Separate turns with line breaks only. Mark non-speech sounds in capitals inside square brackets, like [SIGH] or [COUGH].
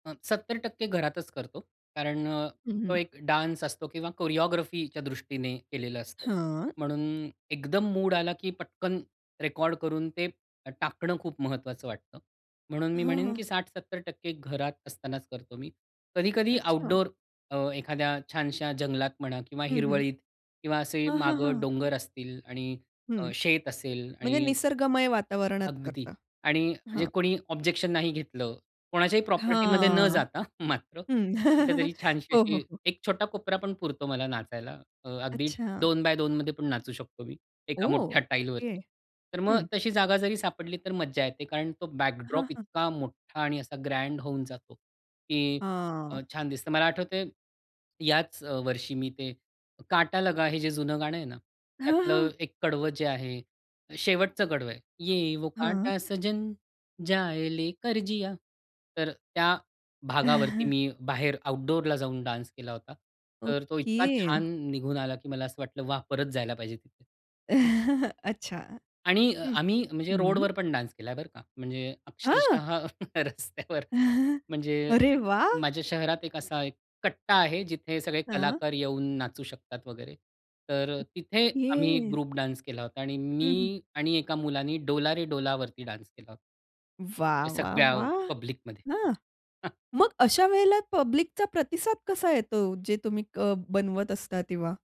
अ, 70% घरातच करतो. कारण अ,
हं,
तो
हं.
एक डान्स असतो किंवा कोरिओग्राफीच्या दृष्टीने केलेलं असतं.
हां.
म्हणून एकदम मूड आला की पटकन रेकॉर्ड करून ते अ, टाकणं खूप महत्वाचं वाटतं. म्हणून मी
हां,
म्हणेन
हां.
की 60-70% घरात असतानाच करतो मी. कधी-कधी
अच्छा.
आउटडोर अ, एखाद्या छानशा जंगलात म्हणा किंवा
हं, हं.
हिरवळीत किंवा असे
हां, हां,
मागं
हां.
डोंगर असतील आणि
हं,
अ, शेत असेल
म्हणजे
आणि
निसर्गमय वातावरणात
अगदी
करता.
आणि म्हणजे
हां.
कोणी ऑब्जेक्शन नाही घेतलं. कोणाच्याही प्रॉपर्टीमध्ये न
हां,
जाता मात्र,
हं.
कुठेतरी
[GIGGLES]
छानशी
हो, हो,
अशी
हो.
एक छोटा कोपरा पण पुरतो मला नाचायला. अ, अगदी
अच्छा.
2x2मध्ये मध्ये पण नाचू शकतो मी, एका
ओह!
मोठ्या
ओके.
टाइलवरती. तर मग
हं.
तशी जागा जरी सापडली तर मज्जा येते कारण तो
हां,
बॅकड्रॉप
हां.
इतका मोठा आणि असा ग्रँड होऊन जातो, की अ,
हां.
छान दिसतं. मला आठवतंय याच अ, वर्षी मी ते काटा लगा हे जे जुनं गाणं आहे ना?
हां,
त्यातलं
हां.
एक कडवं जे आहे शेवटचं कडवं आहे, ये वो
हां.
काटा सजन, जाये लेकर जिया! तर त्या भागावरती
[CHUCKLES]
मी बाहेर आउटडोरला जाऊन डान्स केला होता. तर तो इतका
ओके.
छान निघून आला की मला असं वाटलं, "वाह! परत जायला पाहिजे तिथे."
[CHUCKLES] अच्छा.
आणि अ,
हं,
आम्ही म्हणजे
हं.
रोडवर पण डान्स केलाय, बरं का? म्हणजे
हां.
अक्षरशः रस्त्यावर.
[CHUCKLES]
म्हणजे
अरे
एक
वाह!
माझ्या शहरात एक असा एक कट्टा आहे जिथे सगळे
हां.
कलाकार येऊन नाचू शकतात वगैरे. तर अ, तिथे आम्ही एक
ओके.
ग्रुप डान्स केला होता आणि
हं, हं.
मी आणि एका मुलाने डोला रे डोलावरती डान्स केला होता.
वाह,
या
वाह,
सगळ्या
वाह!
पब्लिकमध्ये.
हां!
[CHUCKLES]
मग अशा वेळेला पब्लिकचा प्रतिसाद कसा येतो ओ, जे तुम्ही अ, बनवत असता तेव्हा?